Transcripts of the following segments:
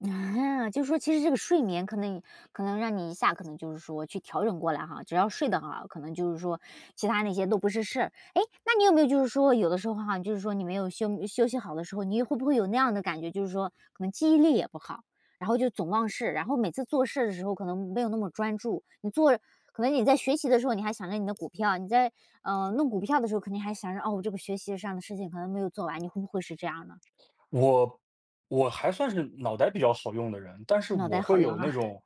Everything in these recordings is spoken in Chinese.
就说其实这个睡眠可能以可能让你一下可能就是说去调整过来哈，只要睡得很好，可能就是说，其它那些都不是事儿。诶，那你有没有就是说，有的时候哈，你就是说你没有休休息好的时候，你会不会有那样的感觉，就是说，可能记忆力也不好，然后就总忘事，然后每次做事的时候可能没有那么专注。你做可能你在学习的时候，你还想着你的股票，你在，呃，弄股票的时候，可能还想着，哦，我这个学习上的事情可能没有做完。你会不会是这样呢？我我还算是脑袋比较好用的人，但是脑我袋好会有用那哈。种，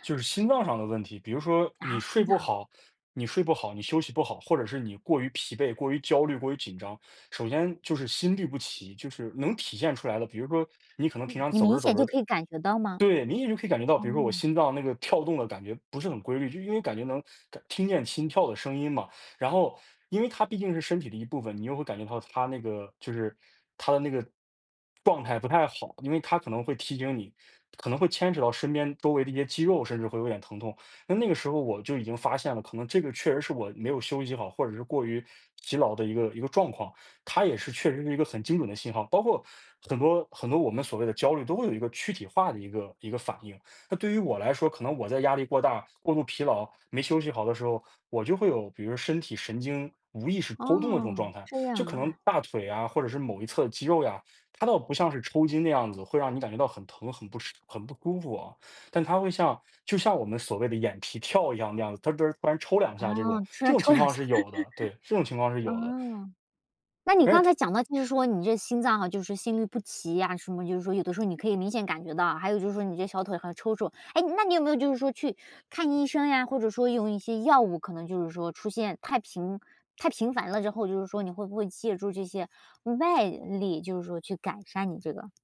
就是心脏上的问题。比如说，你啊？睡听不到？好你睡不好、你休息不好，或者是你过于疲惫、过于焦虑、过于紧张，首先就是心律不齐，就是能体现出来的，比如说，你可能平诶，常你走明着走显就着可以感觉到吗？对，明显就可以感觉到，比如说我哦。心脏那个跳动的感觉不是很规律。就因为感觉能感听见心跳的声音嘛，然后因为它毕竟是身体的一部分，你又会感觉到它那个就是它的那个状态不太好。因为它可能会提醒你，可能会牵扯到身边周围的一些肌肉，甚至会有点疼痛。那那个时候我就已经发现了，可能这个确实是我没有休息好，或者是过于疲劳的一个一个状况。它也是确实是一个很精准的信号，包括很多很多我们所谓的焦虑都会有一个躯体化的一个一个反应。那对于我来说，可能我在压力过大、过度疲劳、没休息好的时候，我就会有，比如身体神经无意识抽动的这种状哦，态。这就样可能啊。大腿呀，或者是某一侧肌肉呀，它倒不像是抽筋的样子，会让你感觉到很疼、很不适、很不舒服啊，但它会像就像我们所谓的眼皮跳一样那样子，“得儿”“得儿”，突然抽2啊，下这种。出这来种抽情2况下。是有的，对，这种情 况是有的。哦，那你而且刚才它讲到，就是说你这心脏哈，就是心律不齐呀什么，就是说有的时候你可以明显感觉到。还有就是说你这小腿还抽搐。诶，那你有没有就是说去看医生呀，或者说用一些药物？可能就是说出现太频太频繁了之后，就是说你会不会借助这些外力？就是说去改善你这个。